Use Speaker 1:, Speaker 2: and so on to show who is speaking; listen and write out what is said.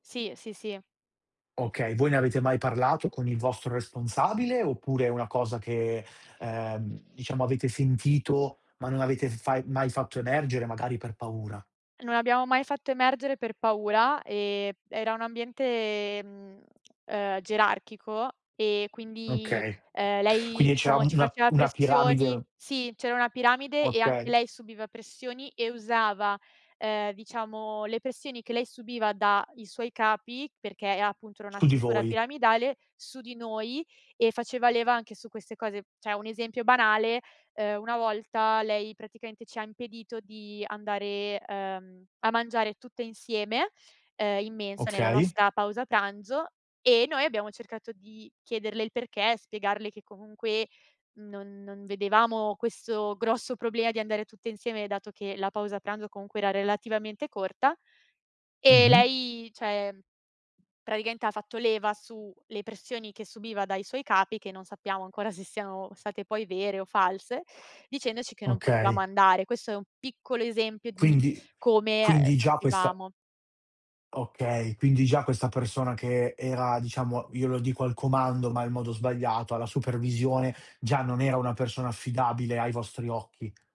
Speaker 1: Sì, sì, sì.
Speaker 2: Okay, voi ne avete mai parlato con il vostro responsabile, oppure è una cosa che, ehm, diciamo, avete sentito, ma non avete fai mai fatto emergere, magari per paura?
Speaker 1: Non abbiamo mai fatto emergere per paura, e era un ambiente, mhmm, ehm, gerarchico e quindi,
Speaker 2: Okay.
Speaker 1: ehm, lei,
Speaker 2: Quindi c'era
Speaker 1: diciamo ci
Speaker 2: una
Speaker 1: faceva
Speaker 2: una
Speaker 1: pressioni
Speaker 2: piramide
Speaker 1: sì, c'era una piramide, e anche
Speaker 2: Okay.
Speaker 1: lei subiva pressioni, e usava, ehm, diciamo, le pressioni che lei subiva da i suoi capi, perché è appunto, era una
Speaker 2: Su di
Speaker 1: struttura
Speaker 2: voi.
Speaker 1: piramidale, su di noi, e faceva leva anche su queste cose. Cioè, 1 esempio banale, ehm, 1 volta, lei praticamente ci ha impedito di andare, ehm, a mangiare tutte insieme, ehm, in mensa nella
Speaker 2: Okay.
Speaker 1: nostra pausa pranzo, e noi abbiamo cercato di chiederle il perché, spiegarle che comunque non non vedevamo questo grosso problema di andare tutte insieme, dato che, la pausa pranzo comunque era relativamente corta, e
Speaker 2: Mh-mh.
Speaker 1: lei cioè praticamente ha fatto leva su, le pressioni che subiva dai suoi capi, che non sappiamo ancora se siano state poi vere o false, dicendoci che non potevamo
Speaker 2: Okay.
Speaker 1: andare. Questo è 1 piccolo esempio di
Speaker 2: Quindi
Speaker 1: come, ehm,
Speaker 2: quindi già questa
Speaker 1: soffrivamo.
Speaker 2: Okay, quindi già questa persona che era diciamo, io lo dico, al comando, ma è il modo sbagliato, alla supervisione, già non era una persona affidabile ai vostri occhi.